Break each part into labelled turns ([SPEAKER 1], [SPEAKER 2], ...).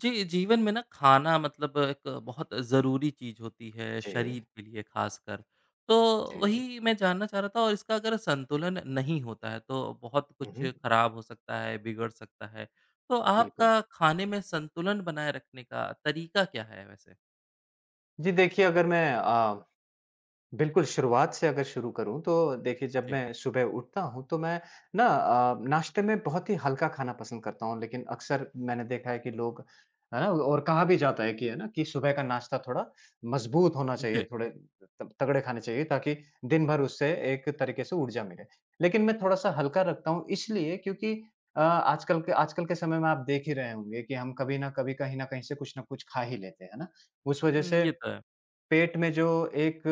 [SPEAKER 1] जी, जीवन में ना खाना मतलब एक बहुत ज़रूरी चीज़ होती है,
[SPEAKER 2] जी।
[SPEAKER 1] शरीर के लिए ख़ासकर। तो
[SPEAKER 2] जी, जी।
[SPEAKER 1] वही मैं जानना चाह रहा था, इसका अगर संतुलन नहीं होता है तो बहुत
[SPEAKER 2] हुँ,
[SPEAKER 1] कुछ
[SPEAKER 2] हुँ।
[SPEAKER 1] ख़राब हो सकता है, बिगड़ सकता है तो
[SPEAKER 2] बिल्कुल।
[SPEAKER 1] आपका खाने में संतुलन बनाए रखने का तरीका क्या है वैसे?
[SPEAKER 2] जी, देखिए, अगर मैं अ, बिल्कुल शुरुआत से अगर शुरू करूँ, तो देखिए, जब
[SPEAKER 1] जी।
[SPEAKER 2] मैं सुबह उठता हूँ तो मैं ना अ, नाश्ते में बहुत ही हल्का खाना पसंद करता हूँ, लेकिन अक्सर मैंने देखा है कि लोग और कहा भी जाता है कि है ना कि सुबह का नाश्ता थोड़ा मज़बूत होना चाहिए,
[SPEAKER 1] जी।
[SPEAKER 2] थोड़े तगड़े खाने चाहिए ताकि दिनभर उससे एक तरीके से ऊर्जा मिले, लेकिन मैं थोड़ा-सा हल्का रखता हूँ, इसलिए क्योंकि, अ, आजकल के आजकल के समय में आप देख ही रहे होंगे कि, हम कभी न कभी, कहीं न कहीं से कुछ न कुछ खा ही लेते हैं, है ना? उस वज़ह
[SPEAKER 1] हुँ,
[SPEAKER 2] से
[SPEAKER 1] ये तो है।
[SPEAKER 2] पेट में जो एक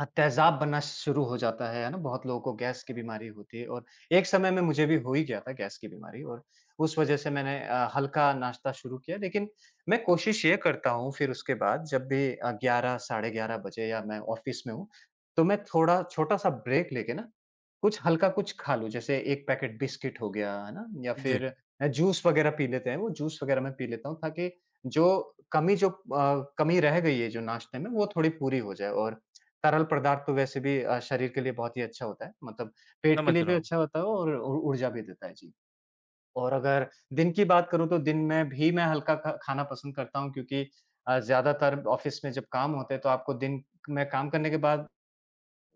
[SPEAKER 2] अ, तहजाब बनना शुरू हो जाता है, है ना? बहुत लोगों को गैस की बीमारी होती है और एक समय में मुझे भी हो ही गया था गैस की बीमारी और उस वज़ह से मैंने अ, हल्का नाश्ता शुरू किया, लेकिन मैं कोशिश ये करता हूँ, फिर उसके बाद जब भी 11 साढ़े 11 बजे या मैं ऑफ़िस में हूँ तो मैं थोड़ा छोटा-सा ब्रेक लेके न कुछ हल्का, कुछ खा लूँ, जैसे 1 पैकेट बिस्किट हो गया, है ना? या
[SPEAKER 1] जी।
[SPEAKER 2] फिर अ, जूस वग़ैरह बात रह पी लेते हैं। वो जूस वग़ैरह मैं पी लेता हूँ ताकि जो कमी जो अ, कमी रह गई है जो नाश्ते में, वो थोड़ी पूरी हो जाए। और तरल पदार्थों वैसे भी अ, शरीर के लिए बहुत ही अच्छा होता है, मतलब पेट के
[SPEAKER 1] समझ
[SPEAKER 2] लिए भी
[SPEAKER 1] रहा हूँ।
[SPEAKER 2] अच्छा होता है और ऊ ऊर्जा भी देता है, जी। और अगर दिन की बात करूँ तो दिन में भी मैं हल्का खा खाना पसंद करता हूँ, क्योंकि अ, ज़्यादातर ऑफ़िस में जब काम होते हैं तो आपको दिन में काम करने के बाद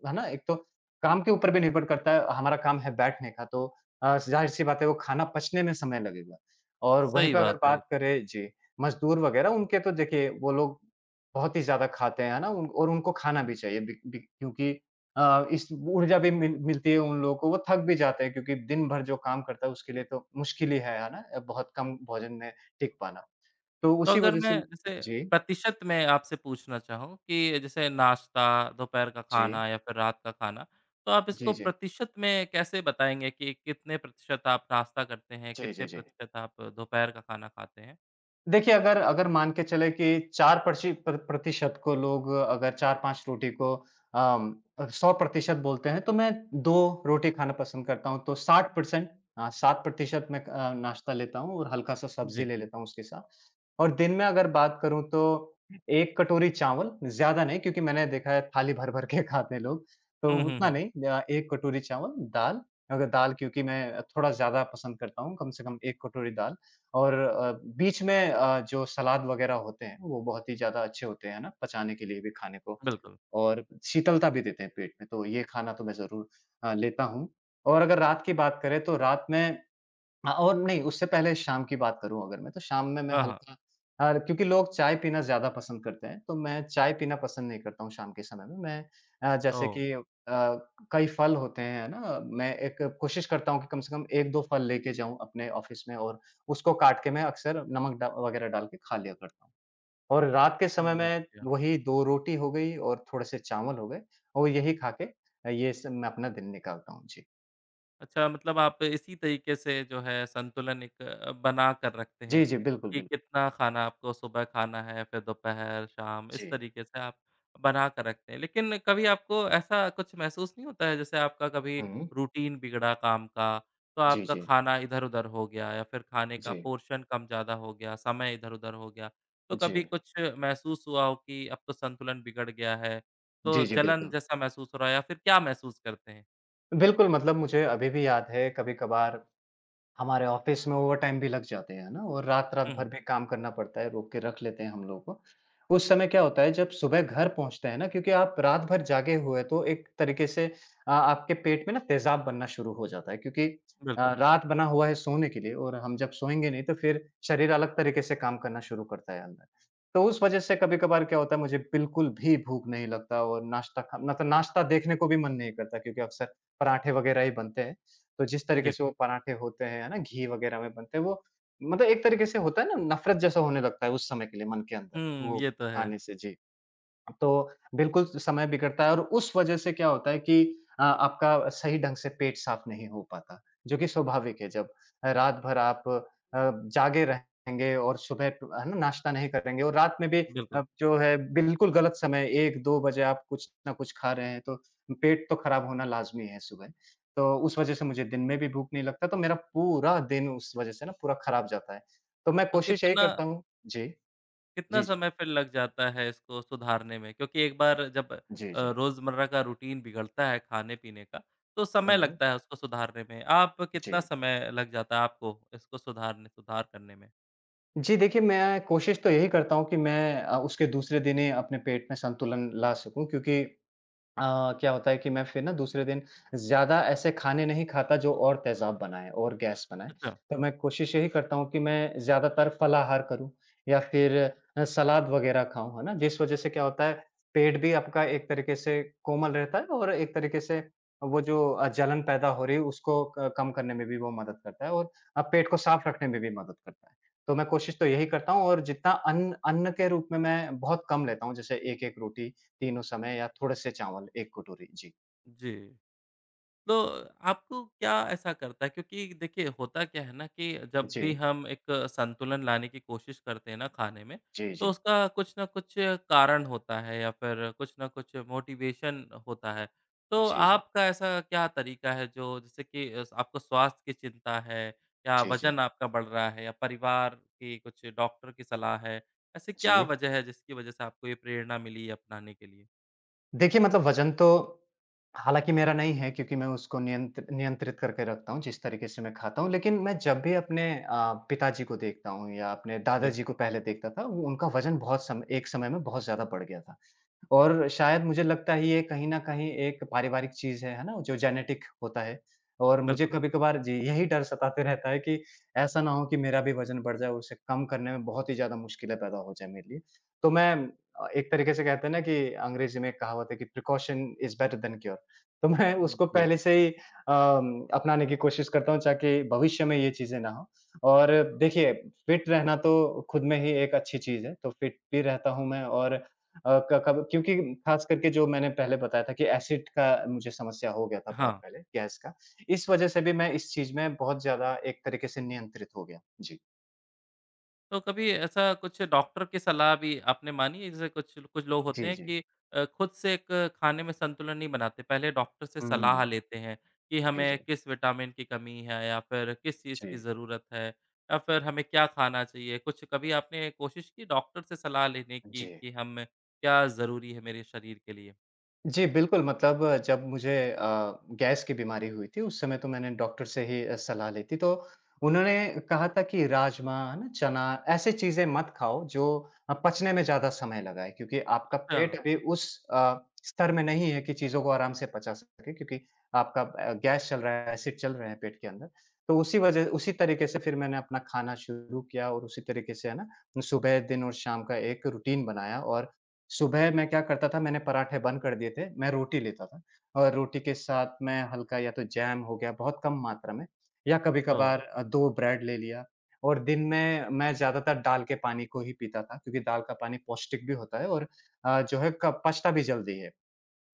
[SPEAKER 2] है ना? एक तो काम के ऊपर भी निर्भर करता है, हमारा काम है बैठने का तो अ, ज़ाहिर-सी बात है वह खाना पचने में समय लगेगा और वहीं
[SPEAKER 1] सही
[SPEAKER 2] पर अगर
[SPEAKER 1] बात है ये तो।
[SPEAKER 2] बात करें जी, मज़दूर वग़ैरह उनके तो देखिए वो लोग बहुत ही ज़्यादा खाते हैं, है ना? उन और उनको खाना भी चाहिए बी बी क्योंकि, अ, इस ऊर्जा भी मिल मिलती है उन लोगों को, वो थक भी जाते हैं, क्योंकि दिन भर जो काम करता है उसके लिए तो मुश्किल ही है, है ना? बहुत कम भोजन में टिक पाना। तो
[SPEAKER 1] तो
[SPEAKER 2] उसी
[SPEAKER 1] अगर
[SPEAKER 2] वज़ह
[SPEAKER 1] मैं
[SPEAKER 2] से
[SPEAKER 1] इसे,
[SPEAKER 2] जी।
[SPEAKER 1] प्रतिशत में आपसे पूछना चाहूँ, कि जैसे नाश्ता, दोपहर का
[SPEAKER 2] जी।
[SPEAKER 1] खाना या फिर रात का खाना तो आप इसको
[SPEAKER 2] जी, जी।
[SPEAKER 1] प्रतिशत में कैसे बताएँगे, कि कितने प्रतिशत आप नाश्ता करते हैं?
[SPEAKER 2] जी, जी,
[SPEAKER 1] कितने
[SPEAKER 2] जी।
[SPEAKER 1] प्रतिशत आप दोपहर का खाना खाते हैं?
[SPEAKER 2] देखिए, अगर अगर मान के चले कि 4 प्रसि प्र प्र प्रतिशत को लोग अगर 4-5 रोटी को अ, 100% बोलते हैं तो मैं 2 रोटी खाना पसन्द करता हूँ तो 60% अ 60% मैं अ, नाश्ता लेता हूँ और हल्का सा सब्ज़ी
[SPEAKER 1] जी।
[SPEAKER 2] ले लेता हूँ उसके साथ और दिन में अगर बात करूँ तो 1 कटोरी चावल, ज़्यादा नहीं क्योंकि मैंने देखा है, थाली भर-भर के खाते हैं लोग, तो
[SPEAKER 1] हुँ, हुँ,
[SPEAKER 2] उतना
[SPEAKER 1] हुँ।
[SPEAKER 2] नहीं, 1 कटोरी चावल, दाल। अगर दाल क्योंकि मैं थोड़ा ज़्यादा पसंद करता हूँ कम से कम 1 कटोरी दाल और अ, बीच में अ, जो सलाद वग़ैरह होते हैं वो बहुत ही ज़्यादा अच्छे होते, हैं ना? पचाने के लिए भी खाने को
[SPEAKER 1] बिल्कुल।
[SPEAKER 2] और शीतलता भी देते हैं पेट में, तो ये खाना तो मैं ज़रूर अ, लेता हूँ और अगर रात की बात करें तो रात में अ, और नहीं उससे पहले शाम की बात करूँ अगर मैं तो शाम में, मैं
[SPEAKER 1] हाँ, हाँ।
[SPEAKER 2] हल्का अ, क्योंकि लोग चाय पीना ज़्यादा पसंद करते हैं तो मैं चाय पीना पसंद नहीं करता हूँ, शाम के समय में। मैं जैसे
[SPEAKER 1] ओ।
[SPEAKER 2] कि अ, कई फ़ल होते हैं, है ना? अ, मैं एक कोशिश करता हूँ कि कम से कम 1-2 फ़ल लेके जाऊँ अपने ऑफ़िस में और उसको काट के मैं अक्सर नमक अ, वग़ैरह डाल के खा लिया करता हूँ। और रात के समय
[SPEAKER 1] समझ
[SPEAKER 2] में
[SPEAKER 1] गया।
[SPEAKER 2] वही 2 रोटी हो गई और थोड़े से चावल हो गए और यही खाके ये से मैं अपना दिन निकालता हूँ। जी।
[SPEAKER 1] अच्छा, मतलब आप इसी तरीके से जो है, संतुलन एक अ, बनाकर रखते हैं
[SPEAKER 2] जी, जी। बिल्कुल,
[SPEAKER 1] कि
[SPEAKER 2] बिल्कुल।
[SPEAKER 1] कितना खाना आपको सुबह खाना है, फिर दोपहर, शाम इस
[SPEAKER 2] जी।
[SPEAKER 1] तरीके से आप बनाकर रखते हैं, लेकिन कभी आपको ऐसा कुछ महसूस नहीं होता है, जैसे आपका कभी
[SPEAKER 2] हुँ।
[SPEAKER 1] रूटीन बिगड़ा काम का तो
[SPEAKER 2] जी,
[SPEAKER 1] आपका
[SPEAKER 2] जी।
[SPEAKER 1] खाना इधर-उधर हो गया या फिर खाने का
[SPEAKER 2] जी।
[SPEAKER 1] पोर्शन कम ज़्यादा हो गया, इधर-उधर हो गया, तो कभी
[SPEAKER 2] जी।
[SPEAKER 1] कुछ महसूस हुआ हो कि, अब तो संतुलन बिगड़ गया है तो
[SPEAKER 2] जी, जी।
[SPEAKER 1] जलन
[SPEAKER 2] बिल्कुल।
[SPEAKER 1] जैसा महसूस हो रहा या फिर क्या महसूस करते हैं?
[SPEAKER 2] बिल्कुल, मतलब मुझे अभी भी याद है कभी-कभार हमारे ऑफ़िस में ओवर टाइम भी लग जाते हैं, है ना? और रात-रात
[SPEAKER 1] हुँ,
[SPEAKER 2] भर
[SPEAKER 1] हुँ।
[SPEAKER 2] भी काम करना पड़ता है, रोक के रख लेते हैं हम लोगों को। उस समय क्या होता है, जब सुबह घर पहुँचते हैं ना, क्योंकि आप रात भर जागे हुए तो एक तरीके से अ, आपके पेट में ना तेज़ाब बनना शुरू हो जाता है, क्योंकि अ,
[SPEAKER 1] बिल्कुल।
[SPEAKER 2] रात बना हुआ है सोने के लिए और हम जब सोयेंगे नहीं तो फिर शरीर अलग तरीके से काम करना शुरू करता है अंदर। तो उस वज़ह से कभी-कभार क्या होता है? मुझे, बिल्कुल भी भूख नहीं लगता और नाश्ता करना तो नाश्ता देखने को भी मन नहीं करता, क्योंकि अक्सर पराठे वग़ैरह ही बनते हैं। तो जिस तरीके
[SPEAKER 1] जी।
[SPEAKER 2] से वो पराठे होते हैं ना, घी वग़ैरह में बनते हैं वो मतलब एक तरीके से होता है ना, नफ़रत जैसा होने लगता है उस समय के लिए मन के अंदर,
[SPEAKER 1] हुँ।
[SPEAKER 2] वो
[SPEAKER 1] ये तो है।
[SPEAKER 2] आने से। जी, तो बिल्कुल समय बिगड़ता है और उस वज़ह से क्या होता है कि अ, आपका सही ढंग से पेट साफ़ नहीं हो पाता, जो कि स्वाभाविक है, जब रात भर आप अ, जागे रहेंगे और सुबह टू है न, नाश्ता नहीं करेंगे और रात में भी
[SPEAKER 1] बिल्कुल।
[SPEAKER 2] जो है, बिल्कुल गलत समय 1-2 बजे आप कुछ न कुछ खा रहे हैं तो पेट तो ख़राब होना लाज़मी है सुबह। तो उस वज़ह से मुझे दिन में भी भूख नहीं लगता तो मेरा पूरा दिन उस वज़ह से न पूरा खराब जाता है, तो मैं
[SPEAKER 1] तो
[SPEAKER 2] कोशिश यही
[SPEAKER 1] कितना
[SPEAKER 2] करता हूँ जी।
[SPEAKER 1] कितना
[SPEAKER 2] जी, जी।
[SPEAKER 1] समय फ़िर लग जाता है इसको सुधारने में? क्योंकि एक बार जब अ,
[SPEAKER 2] जी, जी।
[SPEAKER 1] रोज़मर्रा का रूटीन बिगड़ता है खाने-पीने का तो समय
[SPEAKER 2] हुँ।
[SPEAKER 1] लगता है उसको सुधारने में। आप कितना
[SPEAKER 2] जी।
[SPEAKER 1] समय लग जाता है आपको इसको सुधारने सुधार करने में?
[SPEAKER 2] जी। देखिए, मैं कोशिश तो यही करता हूँ कि मैं उसके दूसरे दिन ही अपने पेट में संतुलन ला सकूँ, क्योंकि अ, क्या होता है कि मैं फिर ना दूसरे दिन, ज़्यादा ऐसे खाने नहीं खाता जो और तेज़ाब बनाएँ और गैस बनाएँ।
[SPEAKER 1] अच्छा।
[SPEAKER 2] तो मैं कोशिश यही करता हूँ कि मैं ज़्यादातर फलाहार करूँ या फिर सलाद वग़ैरह खाऊँ, है ना? जिस वज़ह से क्या होता है पेट भी आपका एक तरीके से कोमल रहता है और एक तरीके से वो जो अ, जलन पैदा हो रही है उसको क कम करने में भी वो मदद करता है और अब पेट को साफ़ रखने में भी मदद करता है। तो मैं कोशिश तो यही करता हूँ और जितना अन्न अन्न के रूप में मैं बहुत कम लेता हूँ, जैसे 1-1 रोटी तीनों समय या थोड़े से चावल, एक कटोरी। जी।
[SPEAKER 1] जी। तो आपको क्या ऐसा करता है? क्योंकि देखिए, होता क्या है ना कि जब भी
[SPEAKER 2] जी।
[SPEAKER 1] हम एक संतुलन लाने की कोशिश करते हैं ना खाने में
[SPEAKER 2] जी,
[SPEAKER 1] तो
[SPEAKER 2] जी।
[SPEAKER 1] उसका कुछ न कुछ कारण होता है या फिर कुछ न कुछ मोटिवेशन होता है। तो
[SPEAKER 2] जी, जी।
[SPEAKER 1] आपका ऐसा क्या तरीका है, जो जिससे कि आपको स्वास्थ्य कि चिंता है या
[SPEAKER 2] जी, जी।
[SPEAKER 1] वज़न आपका बढ़ रहा है या परिवार की कुछ डॉक्टर की सलाह है? ऐसी क्या
[SPEAKER 2] जी।
[SPEAKER 1] वज़ह है जिसकी वज़ह से आपको ये प्रेरणा मिली है अपनाने के लिए?
[SPEAKER 2] देखिए, मतलब वज़न तो हालाँकि मेरा नहीं है, क्योंकि मैं उसको नियंत्र नियंत्रित करके रखता हूँ, जिस तरीके से मैं खाता हूँ। लेकिन मैं जब भी अपने अ, पिताजी को देखता हूँ या अपने
[SPEAKER 1] जी।
[SPEAKER 2] दादाजी को पहले देखता था, वो उनका वज़न बहुत सम एक समय में बहुत ज़्यादा बढ़ गया था। और शायद मुझे लगता है, ये कहीं न कहीं एक पारिवारिक चीज़ है, है ना? जो जेनेटिक होता है और मुझे
[SPEAKER 1] बिल्कुल।
[SPEAKER 2] कभी-कभार जी, यही डर सताते रहता है कि ऐसा ना हो कि मेरा भी वज़न बढ़ जाए, उसे कम करने में बहुत ही ज़्यादा मुश्किलें पैदा हो जाए मेरे लिए। तो मैं अ, एक तरीके से कहते हैं ना कि अंग्रेज़ी में एक कहावत है कि, "precaution is better than cure" तो मैं
[SPEAKER 1] उ,
[SPEAKER 2] उसको
[SPEAKER 1] जी।
[SPEAKER 2] पहले से ही अ, अपनाने की कोशिश करता हूँ, ताकी भविष्य में यह चीज़ें ना हों और देखिए फ़िट रहना तो खुद में ही एक अच्छी चीज़ है तो फ़िट भी रहता हूँ मैं और अ, क कब क्योंकि ख़ास करके जो मैंने पहले बताया था कि एसिड का मुझे समस्या हो गया था बहुत
[SPEAKER 1] हाँ।
[SPEAKER 2] पहले, गैस का, इस वज़ह से भी मैं इस चीज़ में बहुत ज़्यादा एक तरीके से नियंत्रित हो गया। जी।
[SPEAKER 1] तो कभी ऐसा कुछ डॉक्टर की सलाह भी आपने मानी है? जैसे कुछ कुछ लोग होते
[SPEAKER 2] जी,
[SPEAKER 1] हैं
[SPEAKER 2] जी।
[SPEAKER 1] कि अ, खुद से एक खाने में संतुलन नहीं बनाते, पहले डॉक्टर से सलाह
[SPEAKER 2] हुँ।
[SPEAKER 1] लेते हैं कि
[SPEAKER 2] जी,
[SPEAKER 1] हमें
[SPEAKER 2] जी।
[SPEAKER 1] किस विटामिन की कमी है या फिर किस चीज़ की
[SPEAKER 2] जी।
[SPEAKER 1] ज़रूरत है या फिर हमें क्या खाना चाहिए? कुछ कभी आपने कोशिश की डॉक्टर से सलाह लेने की
[SPEAKER 2] जी।
[SPEAKER 1] कि हम क्या ज़रूरी है मेरे शरीर के लिए?
[SPEAKER 2] जी, बिल्कुल। मतलब जब मुझे अ, गैस की बीमारी हुई थी, उस समय तो मैंने डॉक्टर से ही सलाह ली थी। तो उन्होंने कहा था कि राजमा, है ना? चना, ऐसी चीज़ें मत खाओ जो अ, पचने में ज़्यादा समय लगाए क्योंकि आपका
[SPEAKER 1] अच्छा।
[SPEAKER 2] पेट अभी उस अ, स्तर में नहीं है कि चीज़ों को आराम से पचा सके। क्योंकि आपका अ, गैस चल रहा है, एसिड चल रहे हैं पेट के अंदर तो उसी वज़ह उसी तरीके से फिर मैंने अपना खाना शुरू किया और उसी तरीके से, है ना? सुबह, दिन और शाम का एक रूटीन बनाया और सुबह मैं क्या करता था, मैंने पराठे बंद कर दिए थे। मैं रोटी लेता था और रोटी के साथ मैं हल्का या तो जैम हो गया बहुत कम मात्रा में या
[SPEAKER 1] ओ।
[SPEAKER 2] कभी-कबार 2 ब्रेड ले लिया और दिन में मैं ज़्यादातर दाल के पानी को ही पीता था, क्योंकि दाल का पानी पौष्टिक भी होता है और अ, जो है कप पचता भी जल्दी है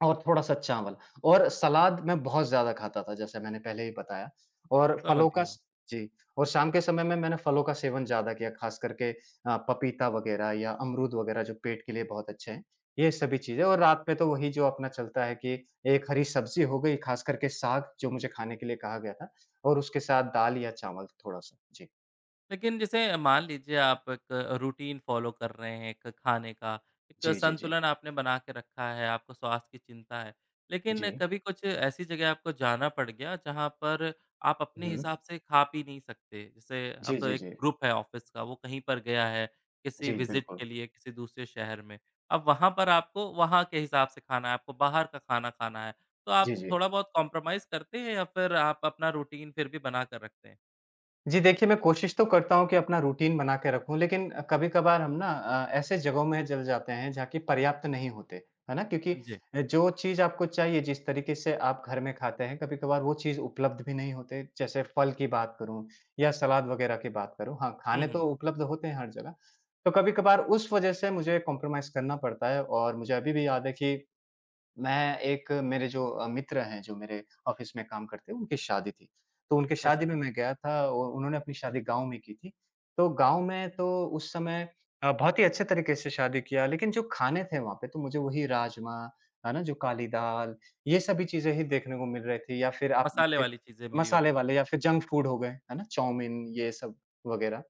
[SPEAKER 2] और थोड़ा-सा चावल। और सलाद मैं बहुत ज़्यादा खाता था, जैसे मैंने पहले ही बताया और
[SPEAKER 1] समझ
[SPEAKER 2] फलों का
[SPEAKER 1] गया।
[SPEAKER 2] स जी और शाम के समय में मैंने फलों का सेवन ज़्यादा किया ख़ास करके आ, पपीता वग़ैरह या अमरूद वग़ैरह जो पेट के लिए बहुत अच्छे हैं ये सभी चीज़ें, और रात में तो वही जो अपना चलता है, कि 1 हरी सब्ज़ी हो गई ख़ासकर के साग, जो मुझे खाने के लिए कहा गया था और उसके साथ दाल या चावल थोड़ा-सा, जी।
[SPEAKER 1] लेकिन, जैसे मान लीजिए, आप एक रूटीन फ़ॉलो कर रहे हैं एक खाने का, एक
[SPEAKER 2] जी, जी, जी।
[SPEAKER 1] संतुलन आपने बनाकर रखा है आपको स्वास्थ्य की चिंता है, लेकिन
[SPEAKER 2] जी।
[SPEAKER 1] कभी कुछ ऐसी जगह आपको जाना पड़ गया, जहाँ पर आप अपने
[SPEAKER 2] हुँ।
[SPEAKER 1] हिसाब से खा, पी नहीं सकते जैसे अब
[SPEAKER 2] जी,
[SPEAKER 1] तो
[SPEAKER 2] जी,
[SPEAKER 1] 1
[SPEAKER 2] जी।
[SPEAKER 1] ग्रुप है ऑफ़िस का, वो कहीं पर गया है,
[SPEAKER 2] जी,
[SPEAKER 1] किसी विजिट
[SPEAKER 2] बिल्कुल।
[SPEAKER 1] के लिए किसी दूसरे शहर में, अब वहाँ पर आपको वहाँ के हिसाब से खाना है, आपको बाहर का खाना खाना है तो
[SPEAKER 2] जी,
[SPEAKER 1] आप
[SPEAKER 2] जी।
[SPEAKER 1] थोड़ा बहुत कोम्प्रोमाईज़ करते हैं या फिर आप अपना रूटीन फिर भी बना कर रखते हैं?
[SPEAKER 2] जी। देखिए, मैं कोशिश तो करता हूँ कि अपना रूटीन बनाकर रखूँ लेकिन, कभी-कबार हम ना अ, ऐसे जगहों में जल जाते हैं जहाँ की पर्याप्त नहीं होते, है ना? क्योंकि
[SPEAKER 1] जी।
[SPEAKER 2] जो चीज़ आपको चाहिए, जिस तरीके से आप घर में खाते हैं कभी-कभार वो चीज़ उपलब्ध भी नहीं होते जैसे फल की बात करूँ या सलाद वग़ैरह की बात करूँ, हाँ,
[SPEAKER 1] हुँ,
[SPEAKER 2] खाने तो
[SPEAKER 1] हुँ।
[SPEAKER 2] उपलब्ध होते हैं हर जगह। तो कभी-कभार उस वज़ह से मुझे कोम्प्रोमाईज़ करना पड़ता है और मुझे अभी भी याद है कि मैं एक मेरे जो मित्र हैं, जो मेरे ऑफ़िस में काम करते हैं, उनकी शादी थी तो उनके शादी
[SPEAKER 1] अच्छा।
[SPEAKER 2] में मैं गया था, और उन्होंने अपनी शादी गाँव में की थी। तो गाँव में तो उस समय बहुत ही अच्छे तरीके से शादी किया लेकिन जो खाने थे वहाँ पे तो मुझे वही राजमा, है ना? जो काली दाल, ये सभी चीज़ें ही देखने को मिल रही थी या फिर आप
[SPEAKER 1] मसाले
[SPEAKER 2] एक
[SPEAKER 1] वाली चीजें मिली
[SPEAKER 2] मसाले
[SPEAKER 1] होंगी।
[SPEAKER 2] वाले या फिर जंक फ़ूड हो गए, है ना? चाउमिन ये सब वग़ैरह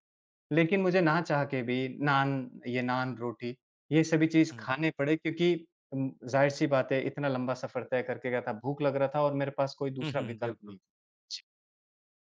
[SPEAKER 2] लेकिन मुझे ना चाह के भी नान ये नान-रोटी ये सभी चीज़
[SPEAKER 1] हुँ।
[SPEAKER 2] खाने पड़े क्योंकि उम, ज़ाहिर-सी बाते है इतना लंबा सफ़र तय करके गया था, भूख लग रहा था और मेरे पास कोई
[SPEAKER 1] हुँ,
[SPEAKER 2] दूसरा
[SPEAKER 1] हुँ।
[SPEAKER 2] विकल्प
[SPEAKER 1] बिल्कुल।
[SPEAKER 2] नहीं। जी।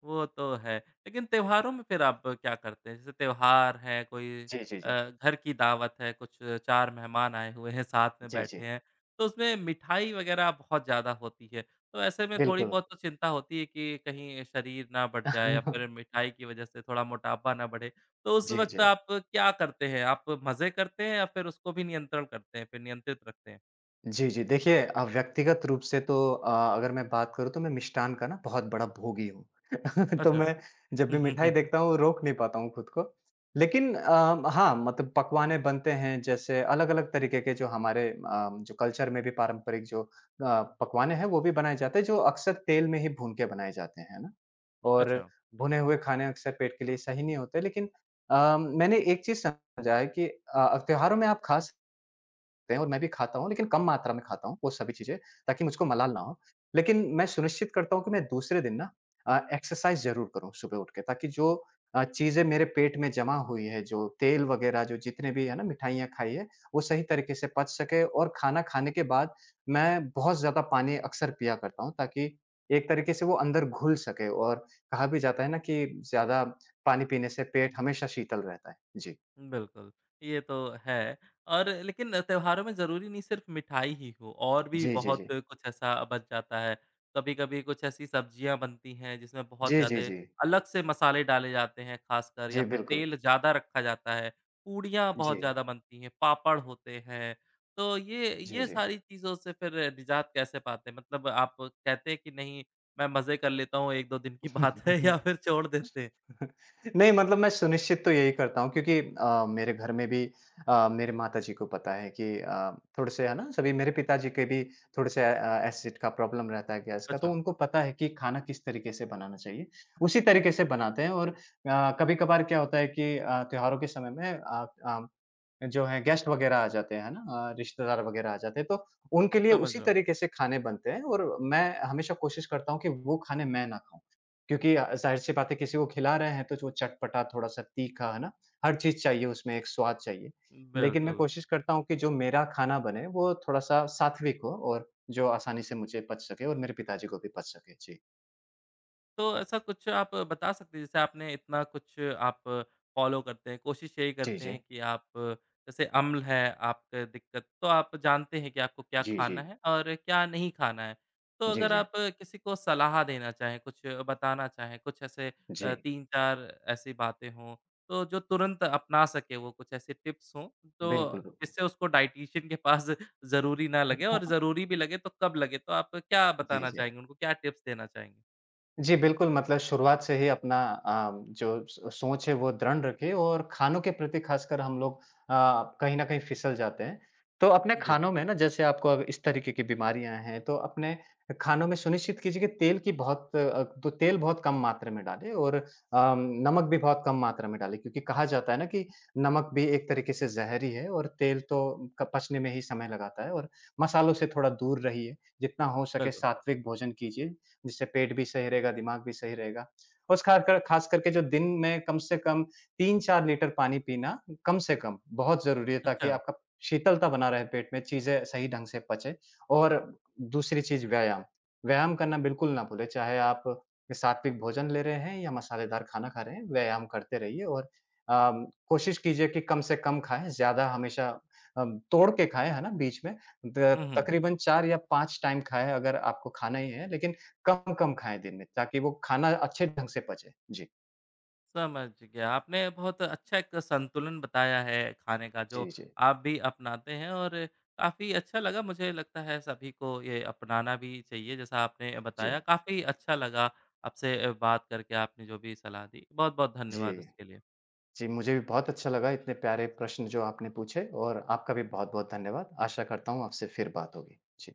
[SPEAKER 1] वो तो है। लेकिन त्योहारों में फिर आप क्या करते हैं? जैसे त्योहार है, कोई
[SPEAKER 2] जी, जी,
[SPEAKER 1] अ,
[SPEAKER 2] जी।
[SPEAKER 1] घर की दावत है, कुछ 4 मेहमान आए हुए हैं, साथ में
[SPEAKER 2] जी,
[SPEAKER 1] बैठे
[SPEAKER 2] जी।
[SPEAKER 1] हैं तो उसमें मिठाई वग़ैरह बहुत ज़्यादा होती है। तो ऐसे में थोड़ी
[SPEAKER 2] बिल्कुल।
[SPEAKER 1] बहुत तो चिंता होती है कि कहीं शरीर ना बढ़ जाए या फिर मिठाई की वज़ह से थोड़ा मोटापा ना बढ़े। तो उस
[SPEAKER 2] जी,
[SPEAKER 1] वक़्त
[SPEAKER 2] जी।
[SPEAKER 1] आप क्या करते हैं? आप मजे करते हैं या फिर उसको भी नियंत्रण करते हैं, फिर नियंत्रित रखते हैं?
[SPEAKER 2] जी, जी। देखिए, अ, व्यक्तिगत रूप से तो अ, अगर मैं बात करूँ तो मैं मिष्ठान का ना बहुत बड़ा भोगी हूँ। तो
[SPEAKER 1] अच्छा।
[SPEAKER 2] मैं जब
[SPEAKER 1] हुँ,
[SPEAKER 2] भी
[SPEAKER 1] हुँ,
[SPEAKER 2] मिठाई
[SPEAKER 1] हुँ।
[SPEAKER 2] देखता हूँ रोक नहीं पाता हूँ खुद को, लेकिन अ, हाँ मतलब पकवान बनते हैं जैसे अलग-अलग तरीके के जो हमारे अ, जो कल्चर में भी पारंपरिक जो अ, पकवान हैं वो भी बनाए जाते हैं, जो अक्सर तेल में ही भून के बनाए जाते हैं, है ना? और
[SPEAKER 1] अच्छा।
[SPEAKER 2] भुने हुए खाने अक्सर पेट के लिए सही नहीं होते, लेकिन अ, मैंने एक चीज़ समझा है कि अ, त्योहारों में आप खा सकते हैं और मैं भी खाता हूँ, लेकिन कम मात्रा में खाता हूँ वो सभी चीज़ें ताकि मुझको मलाल ना हो लेकिन मैं सुनिश्चित करता हूँ, कि मैं दूसरे दिन ना अ, एक्सरसाइज़ ज़रूर करूँ सुबह उठ के, ताकि जो अ, चीज़ें मेरे पेट में जमा हुई हैं, जो तेल वग़ैरह जो जितने भी है ना, मिठाइयाँ खाई हैं वो सही तरीके से पच सकें और खाना खाने के बाद मैं बहुत ज़्यादा पानी अक्सर पिया करता हूँ ताकि एक तरीके से वो अंदर घुल सके और कहा भी जाता है ना कि ज़्यादा पानी पीने से पेट हमेशा शीतल रहता है। जी।
[SPEAKER 1] बिल्कुल, ये तो है और लेकिन त्योहारों में ज़रूरी नहीं सिर्फ़ मिठाई ही हो और भी
[SPEAKER 2] जी, जी,
[SPEAKER 1] बहुत
[SPEAKER 2] जी।
[SPEAKER 1] कुछ ऐसा बच जाता है। कभी-कभी कुछ ऐसी सब्ज़ियाँ बनती हैं, जिसमें बहुत
[SPEAKER 2] जी, जी,
[SPEAKER 1] ज़्यादे
[SPEAKER 2] जी।
[SPEAKER 1] अलग से मसाले डाले जाते हैं ख़ासकर
[SPEAKER 2] जी,
[SPEAKER 1] या फिर
[SPEAKER 2] बिल्कुल।
[SPEAKER 1] तेल ज़्यादा रखा जाता है। पूड़ियाँ बहुत
[SPEAKER 2] जी।
[SPEAKER 1] ज़्यादा बनती हैं, पापड़ होते हैं, तो ये
[SPEAKER 2] जी,
[SPEAKER 1] ये
[SPEAKER 2] जी।
[SPEAKER 1] सारी चीज़ों से फिर निज़ात कैसे पाते हैं? मतलब, आप कहते हैं कि नहीं मैं मजे कर लेता हूँ, 1-2 दिन की बात है या फिर छोड़ देते हैं?
[SPEAKER 2] नहीं मतलब मैं सुनिश्चित तो यही करता हूँ क्योंकि अ, मेरे घर में भी अ, मेरे माताजी को पता है कि अ, थोड़े-से है ना सभी मेरे पिताजी के भी थोड़े से अ, एसिड का प्रॉब्लम रहता है गैस का तो
[SPEAKER 1] अच्छा।
[SPEAKER 2] उनको पता है कि खाना किस तरीके से बनाना चाहिए, उसी तरीके से बनाते हैं और अ, कभी-कभार क्या होता है कि अ, त्योहारों के समय में अ अ, जो है गेस्ट वग़ैरह आ, जाते हैं, हैं ना? अ, रिश्तेदार वग़ैरह आ जाते हैं तो उनके लिए
[SPEAKER 1] समझ
[SPEAKER 2] उसी
[SPEAKER 1] रहा हूँ।
[SPEAKER 2] तरीके से खाने बनते हैं और मैं हमेशा कोशिश करता हूँ कि वो खाने मैं ना खाऊँ। क्योंकि ज़ाहिर-सी बात है किसी को खिला रहे हैं तो जो चटपटा थोड़ा-सा, तीखा, है ना? हर चीज़ चाहिए उसमें, एक स्वाद चाहिए, लेकिन मैं
[SPEAKER 1] बिल्कुल।
[SPEAKER 2] कोशिश करता हूँ कि जो मेरा खाना बने वो थोड़ा-सा सात्विक हो और जो आसानी से मुझे पच सके और मेरे पिता जी को भी बच सके। जी।
[SPEAKER 1] तो ऐसा कुछ आप बता सकते हैं? जैसे आपने इतना कुछ आप फ़ॉलो करते हैं, कोशिश यही
[SPEAKER 2] जी,
[SPEAKER 1] करते हैं
[SPEAKER 2] जी।
[SPEAKER 1] की आप जैसे अम्ल है, आपके दिक्कत तो आप जानते हैं की आपको क्या
[SPEAKER 2] जी,
[SPEAKER 1] खाना
[SPEAKER 2] जी।
[SPEAKER 1] है और क्या नहीं खाना है। तो
[SPEAKER 2] जी,
[SPEAKER 1] अगर
[SPEAKER 2] जी।
[SPEAKER 1] आप किसी को सलाह देना चाहें, कुछ बताना चाहें, कुछ ऐसे
[SPEAKER 2] जी।
[SPEAKER 1] 3-4 ऐसी बातें हों तो जो तुरंत अपना सकें वो कुछ ऐसे टिप्स हों तो
[SPEAKER 2] बिल्कुल, बिल्कुल।
[SPEAKER 1] इससे उसको डायटीशियन के पास ज़रूरी ना
[SPEAKER 2] उ।
[SPEAKER 1] लगे, और ज़रूरी भी लगे तो कब लगे? तो आपको क्या
[SPEAKER 2] जी,
[SPEAKER 1] बताना
[SPEAKER 2] जी।
[SPEAKER 1] चाहेंगे? उनको क्या टिप्स देना चाहेंगे?
[SPEAKER 2] जी, बिल्कुल। मतलब शुरुआत से ही अपना अ, जो स सोच है वह दृण रखिए और खानों के प्रति ख़ासकर हम लोग अ, कहीं न कहीं फिसल जाते हैं। तो अपने
[SPEAKER 1] जी।
[SPEAKER 2] खानों में न जैसे आपको अब इस तरीके की बीमारियाँ हैं तो अपने खानों में सुनिश्चित कीजिए कि तेल की बहुत अ, तो तेल बहुत कम मात्रा में डालें और अ, नमक भी बहुत कम मात्रा में डालें क्योंकि कहा जाता है ना कि नमक भी एक तरीके से जहर ही है और तेल तो क पचने में ही समय लगाता है और मसालों से थोड़ा दूर रहिए। जितना हो सके
[SPEAKER 1] बिल्कुल।
[SPEAKER 2] सात्विक भोजन कीजिए, जिससे पेट भी सही रहेगा, दिमाग भी सही रहेगा और खाकर ख़ासकर के जो दिन में कम से कम 3-4 लीटर पानी पीना कम से कम बहुत ज़रूरी है, ताकि
[SPEAKER 1] अच्छा।
[SPEAKER 2] आपका शीतलता बना रहे पेट में, चीज़ें सही ढंग से पचे। और दूसरी चीज़ व्यायाम, व्यायाम करना बिल्कुल ना भूलें, चाहे आप सात्विक भोजन ले रहे हैं या मसालेदार खाना खा रहे हैं, व्यायाम करते रहिए और अ, कोशिश कीजिए कि कम से कम खाएँ ज़्यादा हमेशा अ, तोड़ के खाएँ, है ना? बीच में द
[SPEAKER 1] हुँ, हुँ।
[SPEAKER 2] तकरीबन 4 या 5 टाइम खाएँ अगर आपको खाना ही है, लेकिन कम-कम खाएँ दिन में ताकि वो खाना अच्छे ढंग से पचे। जी।
[SPEAKER 1] समझ गया। आपने बहुत अच्छा एक संतुलन बताया है, खाने का
[SPEAKER 2] जी,
[SPEAKER 1] जो
[SPEAKER 2] जी।
[SPEAKER 1] आप भी अपनाते हैं और काफ़ी अच्छा लगा, मुझे लगता है सभी को ये अपनाना भी चाहिए, जैसा आपने
[SPEAKER 2] जी।
[SPEAKER 1] बताया। काफ़ी अच्छा लगा आपसे बात करके, आपने जो भी सलाह दी। बहुत-बहुत
[SPEAKER 2] जी।
[SPEAKER 1] धन्यवाद उसके लिए।
[SPEAKER 2] जी, मुझे भी बहुत अच्छा लगा, इतने प्यारे प्रश्न जो आपने पूछे और आपका भी बहुत-बहुत धन्यवाद। आशा करता हूँ आपसे फिर बात होगी, जी।